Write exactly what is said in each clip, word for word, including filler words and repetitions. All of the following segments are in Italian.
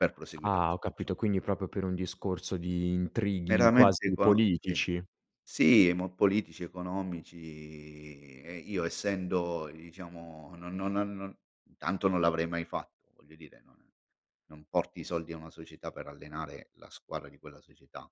Per proseguire la Ah, ho stagio capito quindi propio per un discorso di intrighi Veramente quasi econo sì, politici. sì mo politici economici e io essendo diciamo non no no no, tanto non l'avrei mai fatto voglio dire non non porti i soldi a una società per allenare la squadra di quella società.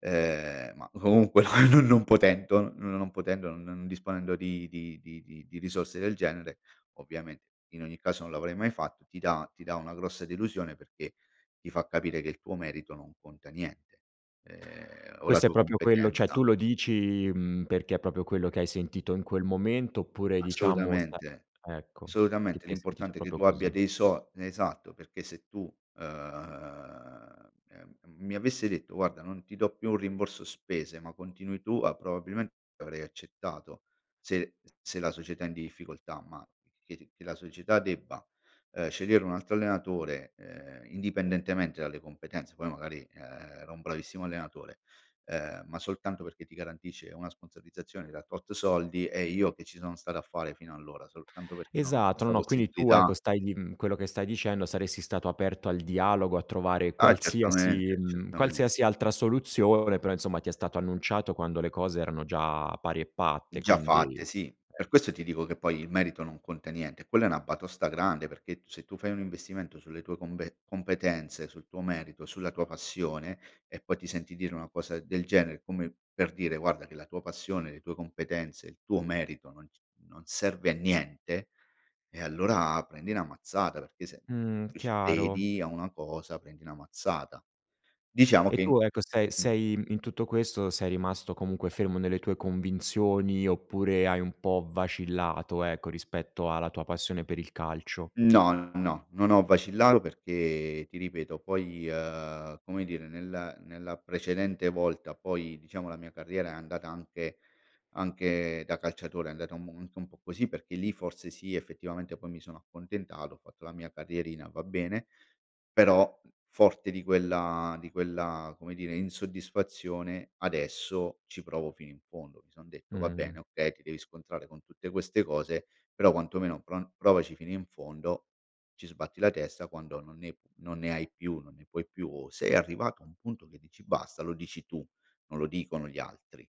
Ehm, ma comunque non non potento non potendo, n non disponendo di di di di di risorse del genere, ovviamente in ogni caso non l'avrei mai fatto, ti dà ti dà una grossa delusione perché ti fa capire che il tuo merito non conta niente ehm, o la Questo è tua propio quello ceh, competenza. tu lo dici, mhmm, perché è propio quello che hai sentito in quel momento oppure diciamo sa Assolutamente, ecco, ti assolutamente sei sentito l'importante è che proprio tu abbia così. dei so esatto, perché se tu ehm, ehm, mi avesse detto: "Guarda non ti do più un rimborso spese, ma continui tu, a", probabilmente avrei accettato se se la società è in difficoltà, ma che che la società debba, ehm, scegliere un altro allenatore, ehm, indipendentemente dalle competenze, poi magari. ehm, era un bravissimo allenatore, ehm, ma soltanto perché ti garantisce una sponsorizzazione da tot soldi eh, io che ci sono stato a fare fino allora soltanto perché non ho Esatto, no, questa no. Quindi tu ecco possibilità stai lì mhmm, quello che stai dicendo saresti stato aperto al dialogo a trovare Ah qualsiasi, certamente, mhmm, qualsiasi certamente. altra soluzione, però insomma ti è stato annunciato quando le cose erano già pari e patte, Già quindi fatte eh. sì, per questo ti dico che poi il merito non conta niente, quella è una batosta grande perché t se tu fai un investimento sulle tue combe competenze, sul tuo merito, sulla tua passione e poi ti senti dire una cosa del genere come per dire: "Guarda che la tua passione, le tue competenze, il tuo merito non c non serve a niente", e allora prendi una mazzata perché se Mhmm, c chiaro. vedi a una cosa prendi una mazzata. Diciamo E che tu ecco sei mh. sei in tutto questo sei rimasto comunque fermo nelle tue convinzioni oppure hai un po' vacillato, ecco rispetto alla tua passione per il calcio? No, no, no, no, non ho vacillato perché ti ripeto poi ehm, come dire nel nella precedente volta poi diciamo la mia carriera è andata anche anche da calciatore è andata u anche un po' così, perché lì forse sì effettivamente poi mi sono accontentato, ho fatto la mia carrierina va bene, però forte di quella di quella come dire insoddisfazione adesso ci provo fino in fondo. Mi son detto: "Va bene, Mh. okay ti devi scontrare con tutte queste cose, però quantomeno pro provaci fino in fondo, ci sbatti la testa quando non ne non ne hai più, non ne puoi più o sei arrivato a un punto che dici basta, lo dici tu, non lo dicono gli altri."